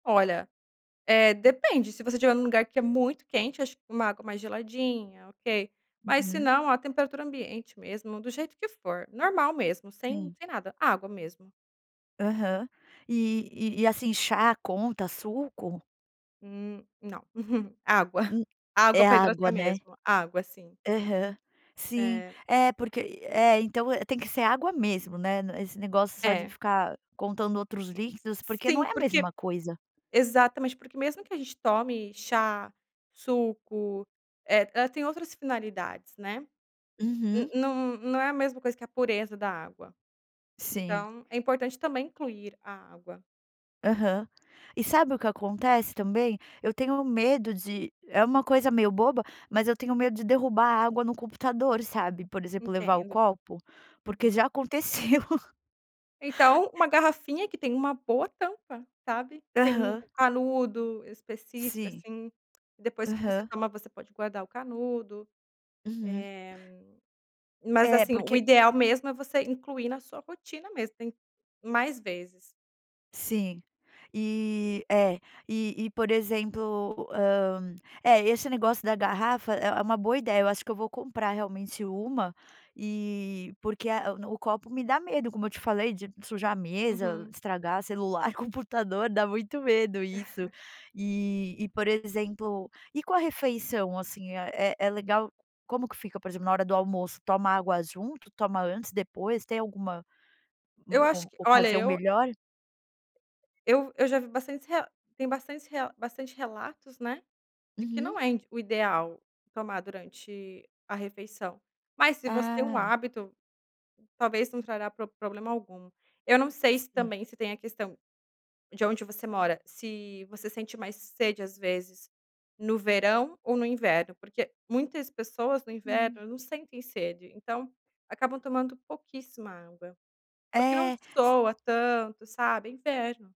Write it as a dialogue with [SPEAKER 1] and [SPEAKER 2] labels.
[SPEAKER 1] Olha, eh, depende. Se você estiver num lugar que é muito quente, acho que uma água mais geladinha, ok. Mas se
[SPEAKER 2] Uhum.
[SPEAKER 1] não, a temperatura ambiente mesmo, do jeito que for, normal mesmo, sem
[SPEAKER 2] Sim.
[SPEAKER 1] sem nada. Água mesmo.
[SPEAKER 2] Aham. E e e, assim, chá conta, suco?
[SPEAKER 1] Hum, não. Água.
[SPEAKER 2] Hum,
[SPEAKER 1] Água
[SPEAKER 2] é
[SPEAKER 1] pra
[SPEAKER 2] água,
[SPEAKER 1] hidratar
[SPEAKER 2] né?
[SPEAKER 1] mesmo. Água, sim.
[SPEAKER 2] Aham. Sim,
[SPEAKER 1] É.
[SPEAKER 2] é porque e é. Então, eh, tem que ser água mesmo, né. N esse negócio só de
[SPEAKER 1] É.
[SPEAKER 2] ficar contando outros líquidos, porque não
[SPEAKER 1] Sim.
[SPEAKER 2] é a
[SPEAKER 1] Porque
[SPEAKER 2] mesma coisa.
[SPEAKER 1] Exatamente, porque mesmo que a gente tome chá, suco, eh, ela tem outras finalidades, né? N
[SPEAKER 2] Uhum.
[SPEAKER 1] não não é a mesma coisa que a pureza da água.
[SPEAKER 2] Sim.
[SPEAKER 1] Então é importante também incluir a água.
[SPEAKER 2] Aham. E sabe o que acontece também? Eu tenho medo de é uma coisa meio boba, mas eu tenho medo de derrubar água no computador, sabe? Por exemplo, levar o
[SPEAKER 1] Entendo.
[SPEAKER 2] copo, porque
[SPEAKER 1] Uhum.
[SPEAKER 2] já aconteceu.
[SPEAKER 1] Então, uma garrafinha que tem uma boa tampa, sabe? Que tem um
[SPEAKER 2] Aham.
[SPEAKER 1] canudo específico,
[SPEAKER 2] Sim.
[SPEAKER 1] assim. Depois que você
[SPEAKER 2] Aham.
[SPEAKER 1] toma, você pode guardar o canudo.
[SPEAKER 2] Uhum.
[SPEAKER 1] Eh, mas,
[SPEAKER 2] É,
[SPEAKER 1] assim, o
[SPEAKER 2] porque
[SPEAKER 1] ideal mesmo é você incluir na sua rotina mesmo. Tem mais vezes.
[SPEAKER 2] Sim. E é. E e por exemplo, hum, é esse negócio da garrafa, é é uma boa ideia. Eu acho que eu vou comprar realmente uma. E porque a no o copo me dá medo, como eu te falei, de sujar a mesa,
[SPEAKER 1] Uhum.
[SPEAKER 2] estragar celular, computador. Dá muito medo isso. E e por exemplo, e com a refeição assim, é é legal como que fica, por exemplo, na hora do almoço, toma água junto, toma antes, depois? Tem alguma
[SPEAKER 1] Eu
[SPEAKER 2] uma
[SPEAKER 1] acho
[SPEAKER 2] o
[SPEAKER 1] que olha
[SPEAKER 2] ocasião
[SPEAKER 1] eu é
[SPEAKER 2] melhor?
[SPEAKER 1] Eu eu já vi bastante rea tem bastante rea bastante relatos, né, de que
[SPEAKER 2] Uhum.
[SPEAKER 1] não é indi o ideal tomar durante a refeição. Mas se você tem um
[SPEAKER 2] Ah.
[SPEAKER 1] hábito, talvez não trará prob problema algum. Eu não sei se
[SPEAKER 2] Sim.
[SPEAKER 1] também se tem a questão de onde você mora, se você sente mais sede às vezes no verão ou no inverno. Porque muitas pessoas no
[SPEAKER 2] Uhum.
[SPEAKER 1] inverno não sentem sede, então acabam tomando pouquíssima água. Porque não
[SPEAKER 2] É, se
[SPEAKER 1] sua tanto, sabe, é inverno.